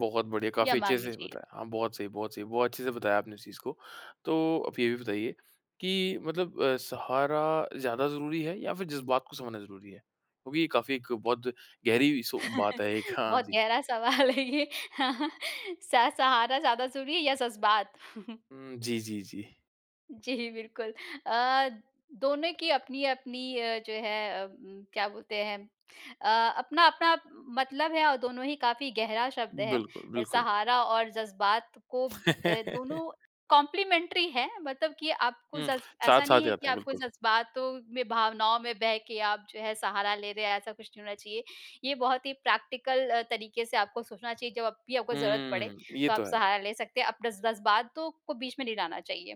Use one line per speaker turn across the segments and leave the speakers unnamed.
बहुत बढ़िया,
या
काफ़ी अच्छे
माँगनी
से
चाहिए।
बताया। हाँ, बहुत सही बहुत सही। बहुत अच्छे से बताया आपने इस चीज़ को। तो आप ये भी बताइए कि मतलब अ, सहारा ज़्यादा ज़रूरी है या फिर जज़्बात को समझना ज़रूरी है? क्योंकि ये काफ़ी एक बहुत गहरी सो बात है एक। हाँ
बहुत
जी।
गहरा सवाल है ये। हाँ, हाँ। स सहारा ज़्यादा ज़रूरी है या ज़ज़्बात?
हुँ। जी, जी, जी।
जी, बिल्कुल अ, दोनों की अपनी-अपनी अ, जो है उम, क्या बोलते हैं अ, अपना-अपना मतलब है और दोनों ही काफ़ी गहरा शब्द है
बिल्कुल, बिल्कुल।
सहारा और ज़ज़्बात को अ, दोनों कॉम्प्लीमेंट्री हैं। मतलब कि आपको
हुँ।
जज़् ऐसा
साथ-साथ
नहीं है कि
जाते हैं।
आपको
बिल्कुल।
ज़ज़्बातों में, भावनाओं में बह के आप जो है सहारा ले रहे हैं, ऐसा कुछ नहीं होना चाहिए। ये बहुत ही प्रैक्टिकल अ, तरीक़े से आपको सोचना चाहिए। जब भी आपको ज़रूरत पड़े,
हुँ, ये
तो आप
तो है।
सहारा ले सकते हैं। अप जज़् जज़्बातों को बीच में नहीं लाना चाहिए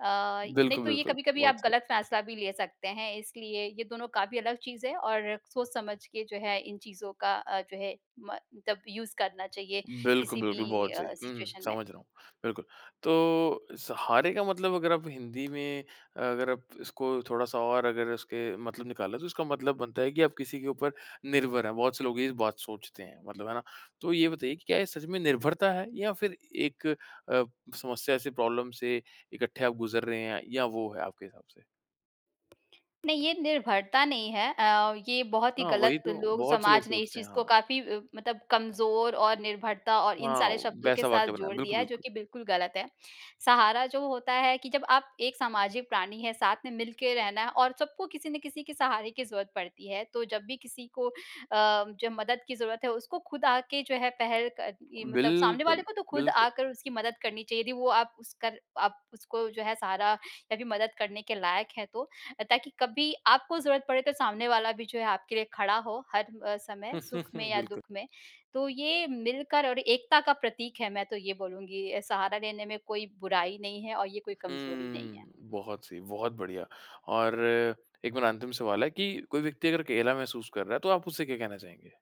अ, नहीं
बिल्कुल,
तो ये
बिल्कुल।
कभी-कभी
बहुत
आप
सही।
ग़लत फैसला भी ले सकते हैं। इसलिए ये दोनों काफ़ी अलग चीज़ हैं और सोच-समझ के जो है इन चीज़ों का अ, जो है म तब यूज़ करना चाहिए,
बिल्कुल,
किसी
बिल्कुल,
भी
बहुत सही।
अ,
हुँ,
सिचुएशन में।
समझ रहा हूँ, बिल्कुल। तो सहारे का मतलब अगर आप हिंदी में अगर आप इसको थोड़ा-सा और अगर उसके मतलब निकाला तो इसका मतलब बनता है कि आप किसी के ऊपर निर्भर हैं। बहुत से लोग ये बात सोचते हैं। मतलब, है ना? तो ये बताइए कि क्या ये सच में निर्भरता है या फिर एक अ, समस्या से, प्रॉब्लम से इकट्ठे आप गुज़र रहे हैं या वो है, आपके हिसाब से?
नहीं, ये निर्भरता नहीं है अ, ये बहुत ही
हाँ, वही
ग़लत
तो।
लोग
बहुत से लोग
समाज ने इस
सोचते हैं।
चीज़ को
हाँ।
काफ़ी मतलब कमज़ोर और निर्भरता और इन सारे
हाँ,
शब्दों के
वैसा
साथ
वाक्य बनाया।
जोड़
बिल्कुल,
दिया है, जो
बिल्कुल।
कि बिल्कुल ग़लत है। सहारा जो होता है कि जब आप एक सामाजिक प्राणी हैं, साथ में मिलके रहना है और सबको किसी न किसी के सहारे की ज़रूरत पड़ती है। तो जब भी किसी को अ, जब मदद की ज़रूरत है, उसको खुद आके जो है पहल क ये मतलब सामने वाले
बिल्कुल,
को तो खुद
बिल्कुल।
आकर उसकी मदद करनी चाहिए थी। वो आप उसका आप उसको जो है सहारा या फिर मदद करने के लायक हैं तो ताकि कभी आपको ज़रूरत पड़े तो सामने वाला भी जो है आपके लिए खड़ा हो, हर समय सुख में या
बिल्कुल।
दुःख में। तो ये मिलकर और एकता का प्रतीक है, मैं तो ये बोलूँगी सहारा लेने में कोई बुराई नहीं है और ये कोई कमज़ोरी नहीं है।
हुँ। बहुत सही, बहुत बढ़िया। और एक मेरा अंतिम सवाल है कि कोई व्यक्ति अगर अकेला महसूस कर रहा है, तो आप उससे क्या कहना चाहेंगे?